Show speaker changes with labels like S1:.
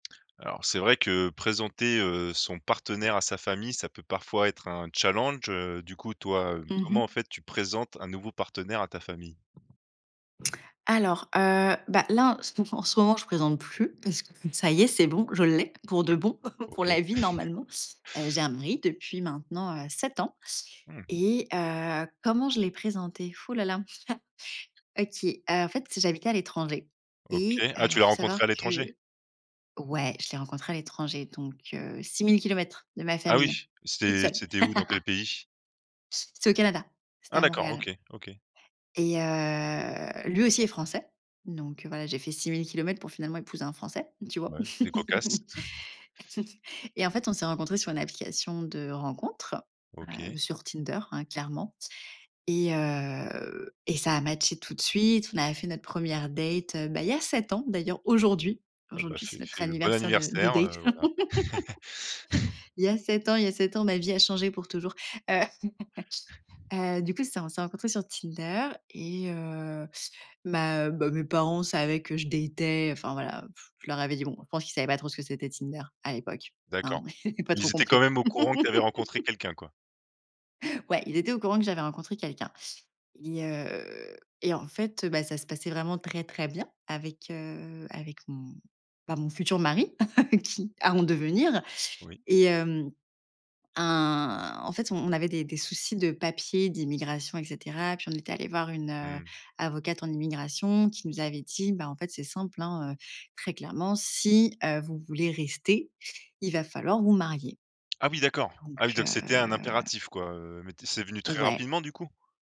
S1: Alors c'est vrai que présenter, heu, son partenaire à sa famille, ça peut parfois être un challenge, heu. Du coup, toi, heu,
S2: Mmh
S1: comment, en
S2: mh.
S1: fait, tu présentes un nouveau partenaire à ta famille?
S2: Alors, heu, bah là, en ce en ce moment, je présente plus, parce que ça y est, c'est bon, je l'ai, pour de bon,
S1: Ouais
S2: pour
S1: OK.
S2: la vie normalement. Heu, j'ai un mari depuis maintenant, heu, 7 ans
S1: Mmh.
S2: et, heu, comment je l'ai présenté? Fou la la. OK, heu, en fait, j'habitais à l'étranger
S1: OK.
S2: et heu,
S1: Ah, tu l'as
S2: faut savoir
S1: rencontré à l'étranger?
S2: que ouais je l'ai rencontré à l'étranger, donc, heu, 6000 kilomètres de ma
S1: Ah oui,
S2: famille toute
S1: c'était
S2: seule.
S1: c'était où dans quel pays?
S2: C'était au Canada, c'était
S1: Ah
S2: à
S1: d'accord.
S2: Montréal.
S1: OK, OK.
S2: Et, heu, lui aussi est français. Donc, heu, voilà, j'ai fait 6000 kilomètres pour finalement épouser un français. Tu vois?
S1: Ouais, c'est cocasse.
S2: Et en fait, on s'est rencontrés sur une application de rencontres, heu,
S1: OK.
S2: sur Tinder, hein, clairement et heu et ça a matché tout de suite. On a fait notre 1re date, heu, bah il y a 7 ans d'ailleurs, aujourd'hui.
S1: Ah bah
S2: Aujourd'hui,
S1: c'est
S2: c'est notre
S1: c'est bon
S2: anniversaire de de
S1: anniversaire,
S2: date.
S1: heu, voilà.
S2: Il y a 7 ans, il y a 7 ans, ma vie a changé pour toujours. Heu, heu, du coup, c'est on s'est rencontré sur Tinder et, heu, bah bah mes parents savaient que je datais, enfin voilà pff. Je leur avais dit. Bon, je pense qu'ils savaient pas trop ce que c'était Tinder à l'époque hein.
S1: D'accord.
S2: Pas trop
S1: Ils étaient quand
S2: compris.
S1: même au courant que tu avais rencontré quelqu'un quoi?
S2: Ouais, ils étaient au courant que j'avais rencontré quelqu'un. Et, heu, et en fait, heu, bah ça se passait vraiment très, très bien avec, heu, avec m bah mon futur mari qui à en devenir.
S1: Oui.
S2: Et heu, un en fait, on avait des des soucis de papier d'immigration, et cetera, puis on était allé voir une, heu,
S1: Mmh.
S2: avocate en immigration, qui nous avait dit, bah en fait, c'est simple hein, heu, très clairement, si, heu, vous voulez rester, il va falloir vous marier.
S1: Ah oui d'accord!
S2: Donc,
S1: Ah oui, donc c'était un
S2: heu
S1: impératif quoi, heu, mais tu es c'est venu très
S2: Ouais.
S1: rapidement du coup?